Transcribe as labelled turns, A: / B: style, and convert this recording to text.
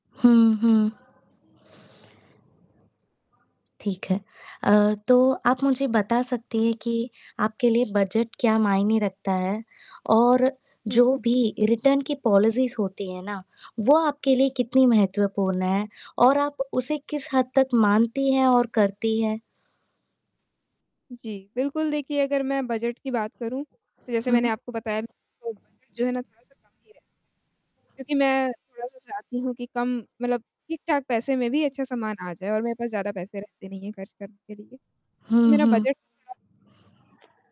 A: हुँ, हुँ। ठीक है। अ, तो आप मुझे बता सकती हैं कि आपके लिए बजट क्या मायने रखता है? और
B: हुँ।
A: जो भी रिटर्न की पॉलिसीज़ होती हैं ना, वो आपके लिए कितनी महत्वपूर्ण हैं और आप उसे किस हद तक मानती हैं और करती हैं?
B: जी। बिल्कुल, देखिए, अगर मैं बजट की बात करूँ, तो जैसे
A: हुँ।
B: मैंने आपको बताया, तो बजट जो है ना, थोड़ा सा कम ही है। क्योंकि मैं थोड़ा-सा चाहती हूँ कि कम मतलब ठीक-ठाक पैसे में भी अच्छा सामान आ जाए और मेरे पास ज़्यादा पैसे रहते नहीं हैं, खर्च करने के लिए। तो
A: हुँ,
B: मेरा
A: हुँ।
B: बजट [unintelligible]